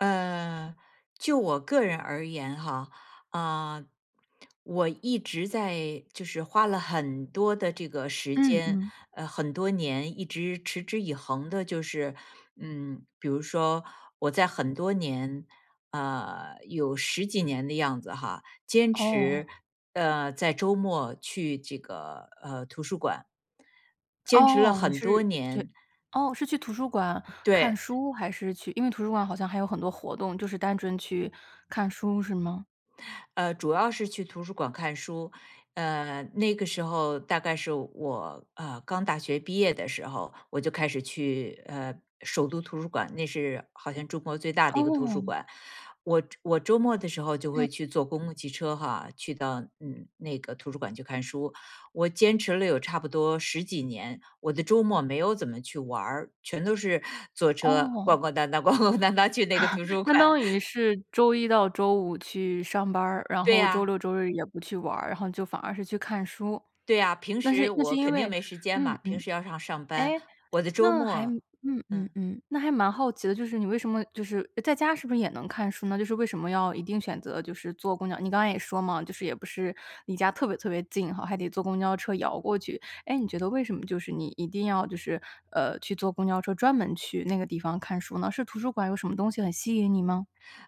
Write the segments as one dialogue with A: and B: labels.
A: 呃，就我个人而言哈，啊，我一直在就是花了很多的这个时
B: 嗯
A: 间，
B: 嗯。
A: 呃，很多年，一直持之以恒的就是嗯，比如说我在很多年呃，有十几年的样子哈，坚
B: 哦。
A: 持呃，在周末去这个，呃，图书馆。坚持了
B: 哦，你
A: 很多
B: 是去
A: 年。
B: 哦，是去图书馆看
A: 对。
B: 书还是去因为图书馆好像还有很多活动，就是单纯去看书是吗？
A: 呃，主要是去图书馆看书。嗯，那个时候大概是我，呃，刚大学毕业的时候，我就开始去，呃，首都图书馆，那是好像中国最大的一个图书
B: 哦。
A: 馆。我周我周末的时候就
B: 嗯。
A: 会去坐公共汽车哈，去到嗯，那个图书馆去看书，我坚持了有差不多十几年。我的周末没有怎么去玩儿，全都是坐车逛
B: 哦。
A: 逛荡荡逛逛荡荡去那个图 书
B: 相
A: 馆。
B: 当于是周一到周五去上班儿，然
A: 对
B: 后周
A: 呀。
B: 六周日也不去玩儿，然后就反而是去看书。
A: 对呀，平
B: 那
A: 时
B: 是那是
A: 我
B: 因
A: 肯定
B: 为
A: 没时间
B: 嗯
A: 嘛，
B: 嗯，
A: 平时要上上班。
B: 诶，
A: 我的周
B: 那还
A: 末
B: 嗯嗯
A: 嗯。
B: 嗯，那还蛮好奇的，就是你为什么就是诶，在家是不是也能看书呢，就是为什么要一定选择就是坐公交你刚才也说嘛，就是也不是离家特别特别近哈，还得坐公交车摇过去。诶，你觉得为什么就是你一定要就是，呃，去坐公交车专门去那个地方看书呢？是图书馆有什么东西很吸引你吗？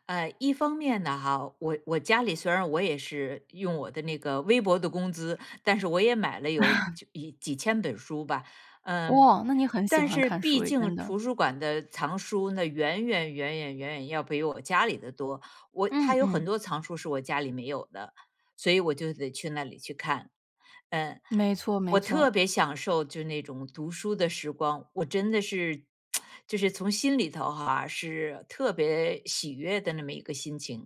A: 呃，一方面呢哈，我我家里虽然我也是用我的那个微薄的工资，但是我也买了有 就一几千本书吧，嗯。
B: 哇，那你很喜
A: 但
B: 欢
A: 是
B: 看书
A: 毕
B: 哎，
A: 竟
B: 真的。
A: 图书馆的藏书呢，远远远远远远要比我家里的多。我它
B: 嗯
A: 有
B: 嗯。
A: 很多藏书是我家里没有的，所以我就得去那里去看。呃，
B: 没错没
A: 我
B: 错。
A: 特别享受就那种读书的时光，我真的是，就是从心里头哈，是特别喜悦的那么一个心情。